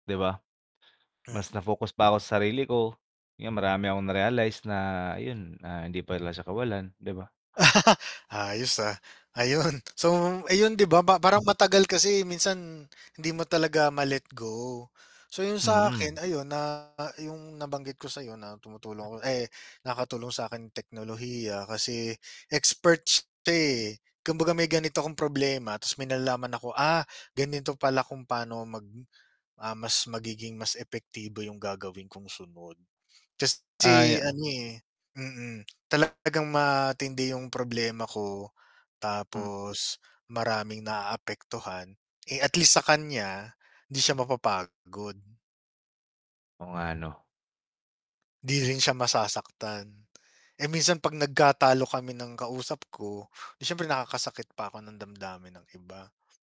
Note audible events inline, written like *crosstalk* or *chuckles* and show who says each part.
Speaker 1: 'Di ba? Mas
Speaker 2: Mm.
Speaker 1: na-focus pa ako sa sarili ko. 'Yan marami akong na-realize na ayun, na hindi pa siya kawalan, 'di ba?
Speaker 2: *chuckles* Ayos, ah, ayun. So, ayun, 'di ba pa parang matagal kasi minsan hindi mo talaga ma-let go. So, yung sa akin
Speaker 1: Mm.
Speaker 2: ayun na yung nabanggit ko sa'yo na tumutulong ako, ay nakatulong sa'kin teknolohiya kasi experts 'to, eh. Kumbaga may ganito akong problema 'tas may nalalaman ako, "Ah, ganito pala kung pa'no mag, ah, mas magiging mas epektibo yung gagawin kong sunod."
Speaker 1: Ay
Speaker 2: Kasi ano, eh mm, talagang matindi yung problema ko tapos maraming naaapektuhan. Eh, at least sa kanya, hindi siya mapapagod.
Speaker 1: Oo nga 'no?
Speaker 2: 'Di rin siya masasaktan. Eh, minsan 'pag nagkatalo kami ng kausap ko, 'di syempre nakakasakit pa ako ng damdamin ng iba.